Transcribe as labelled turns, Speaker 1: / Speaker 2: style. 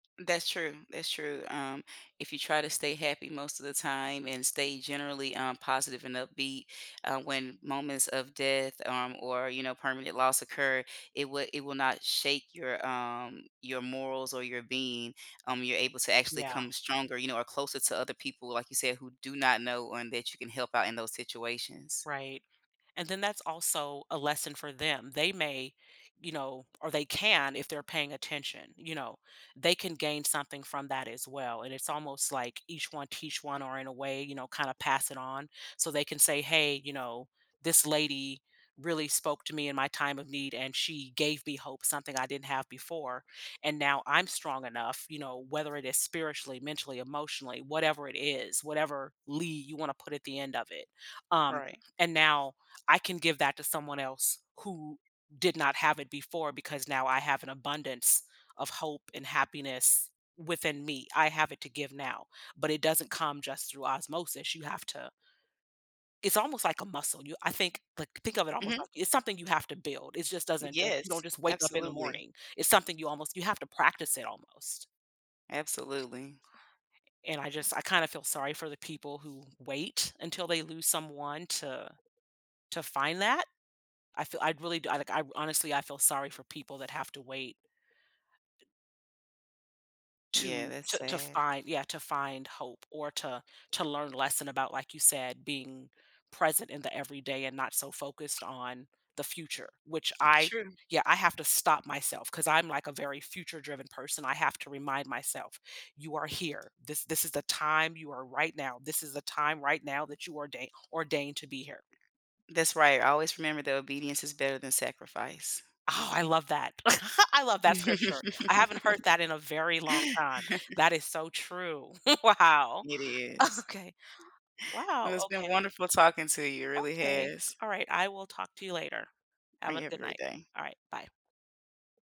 Speaker 1: That's true, that's true, um, if you try to stay happy most of the time and stay generally, um, positive and upbeat, uh, when moments of death, um, or, you know, permanent loss occur, it would it will not shake your, um your morals or your being, um, you're able to actually
Speaker 2: Yeah.
Speaker 1: come stronger, you know, or closer to other people, like you said, who do not know and that you can help out in those situations.
Speaker 2: Right, and then that's also a lesson for them. They may, you know or they can if they're paying attention, you know? They can gain something from that as well, and it's almost like each one teach one or in a way, you know, kinda pass it on so they can say, "Hey," you know, "This lady really spoke to me in my time of need, and she gave me hope, something I didn't have before, and now I'm strong enough," you know, whether it is spiritually, mentally, emotionally, whatever it is, whatever "ly" you wanna put at the end of it, um,
Speaker 1: Alright.
Speaker 2: "And now I can give that to someone else who did not have it before because now I have an abundance of hope and happiness within me. I have it to give now," but it doesn't come just through osmosis, you have to it's almost like a muscle, you I think, like think of it almost
Speaker 1: Mhm.
Speaker 2: like It's something you have to build, it just
Speaker 1: Mm,
Speaker 2: doesn't just
Speaker 1: yes,
Speaker 2: you don't just wake up in the
Speaker 1: absolutely.
Speaker 2: morning, it's something you almost you have to practice it almost.
Speaker 1: Absolutely.
Speaker 2: And I just I kinda feel sorry for the people who wait until they lose someone to to find that. I feel I really I don't like, honestly, I feel sorry for people that have to wait.
Speaker 1: Yeah,
Speaker 2: To
Speaker 1: that's
Speaker 2: t to
Speaker 1: sad.
Speaker 2: find Yeah, to find hope or to to learn lesson about, like you said, being present in the everyday and not so focused on the future, which I
Speaker 1: True.
Speaker 2: Yeah, I have to stop myself, 'cause I'm like a very future-driven person, I have to remind myself, "You are here, this this is the time you are right now this is the time right now that you ordain ordained to be here.
Speaker 1: That's right, always remember that obedience is better than sacrifice.
Speaker 2: Oh, I love that. I love that scripture. I haven't heard that in a very long time. That is so true, wow.
Speaker 1: It is.
Speaker 2: Okay.
Speaker 1: Well
Speaker 2: Wow,
Speaker 1: it's been
Speaker 2: okay.
Speaker 1: wonderful talking to you, it really
Speaker 2: Okay.
Speaker 1: has.
Speaker 2: Alright, I will talk to you later.
Speaker 1: I
Speaker 2: Have a
Speaker 1: Have a
Speaker 2: good
Speaker 1: great
Speaker 2: night.
Speaker 1: day.
Speaker 2: Alright, bye.